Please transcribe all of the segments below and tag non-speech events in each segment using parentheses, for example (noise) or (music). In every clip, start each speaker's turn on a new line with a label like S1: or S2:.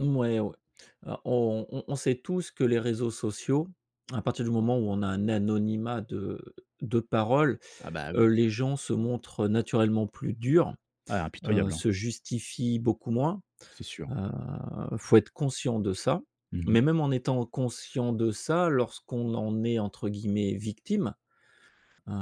S1: Mmh, ouais, ouais. Alors, on on on sait tous que les réseaux sociaux, à partir du moment où on a un anonymat de de parole,
S2: Ah bah,
S1: heu,
S2: oui!
S1: les gens se montrent naturellement plus durs,
S2: Ouais,
S1: heu,
S2: impitoyables, hein.
S1: se justifient beaucoup moins,
S2: C'est sûr.
S1: heu, il faut être conscient de ça,
S2: Mmh mh.
S1: mais même en étant conscient de ça, lorsqu'on en est entre guillemets «victime», heu,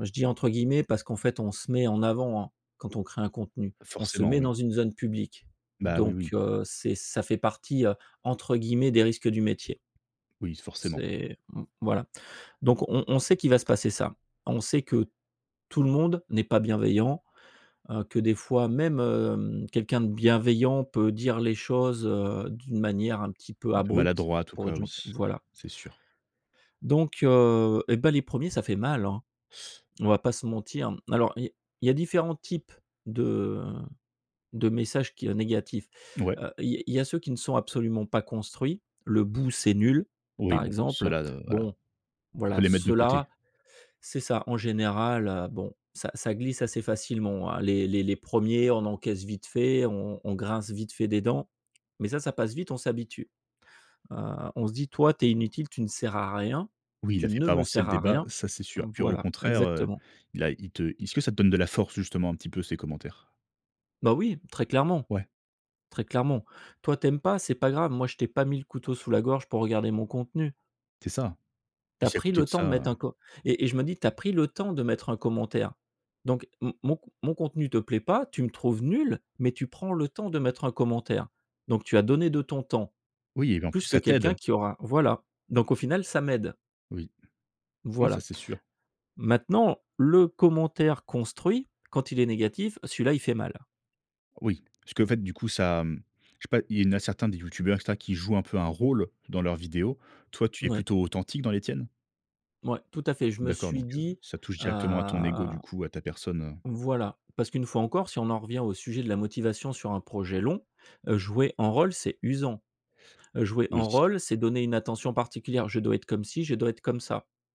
S1: je dis entre guillemets parce qu'en fait on se met en avant, hein, quand on crée un contenu, on se
S2: Forcément,
S1: met
S2: oui.
S1: dans une zone publique.
S2: Bah oui,
S1: Donc,
S2: oui.
S1: heu, c'est ça fait partie, heu, entre guillemets «des risques du métier».
S2: Oui, s forcément.
S1: C'est mmh, voilà. Donc on on sait qu'il va se passer ça. On sait que tout le monde n'est pas bienveillant, heu, que des fois, même, hem, quelqu'un de bienveillant peut dire les choses, heu, d'une manière un petit peu
S2: Un peu
S1: abrupte,
S2: maladroit en tout
S1: pour être
S2: cas, oui,
S1: gentil voilà.
S2: c'est sûr.
S1: Donc, heu, et bah, les 1ers ça fait mal, hein!
S2: (sucks teeth)
S1: On va pas se mentir, mmh. Alors, i il y a différents types de de messages qui heu, négatifs,
S2: N ouais.
S1: heu, i il y a ceux qui ne sont absolument pas construits. «Le bout, c'est nul!»,
S2: Oui,
S1: par
S2: bon,
S1: exemple.
S2: ceux-là, de voilà,
S1: Bon,
S2: on peut
S1: voilà,
S2: les mettre de côté.
S1: ceux-là c'est ça! En général, heu, bon, ça ça glisse assez facilement, hein. Les les les 1ers, on encaisse vite fait, on on on grince vite fait des dents, mais ça ça passe vite, on s'habitue, heu, on se dit: «Toi, tu es inutile, tu ne sers à rien,
S2: Oui, il a
S1: tu
S2: fait
S1: ne
S2: pas
S1: me
S2: avancer le
S1: sers à
S2: débat,
S1: rien!».
S2: ça, c'est sûr.
S1: Mmh,
S2: Puis au
S1: voilà,
S2: contraire, heu,
S1: exactement.
S2: il a il te est-ce que ça te donne de la force, justement, un petit peu ces commentaires?
S1: Bah oui! Très clairement,
S2: Ouais.
S1: très clairement. Toi, tu aimes pas, c'est pas grave, moi, je t'ai pas mis le couteau sous la gorge pour regarder mon contenu.
S2: C'est ça. Et
S1: Tu as
S2: si à
S1: pris
S2: côté
S1: le
S2: de
S1: temps de
S2: ça,
S1: mettre un
S2: heu
S1: co et et je me dis, tu as pris le temps de mettre un commentaire. Donc m mon con mon contenu te plaît pas, tu me trouves nul, mais tu prends le temps de mettre un commentaire. Donc tu as donné de ton temps,
S2: Oui, et puis en plus,
S1: plus que
S2: ça
S1: quelqu'un
S2: t'aide.
S1: qui aura voilà, donc au final, ça m'aide.
S2: Oui. Non, ça
S1: Voilà.
S2: c'est sûr.
S1: Maintenant, le commentaire construit, quand il est négatif, celui-là il fait mal!
S2: Oui, parce qu'en fait du coup ça, mmh, je sais pas, il y en a certains des youtubeurs, et cetera, qui jouent un peu un rôle dans leurs vidéos. Toi, tu es
S1: N ouais.
S2: plutôt authentique dans les tiennes?
S1: Mouais, tout à fait. Je me
S2: D'accord,
S1: suis
S2: donc, heu,
S1: dit,
S2: ça touche
S1: heu
S2: directement à ton ego, du coup, à ta personne, heu.
S1: Voilà, parce qu'une fois encore, si on en revient au sujet de la motivation sur un projet long, heu, jouer un rôle, c'est usant, heu, jouer un
S2: Oui.
S1: rôle, c'est donner une attention particulière. Je dois être comme ci, je dois être comme ça.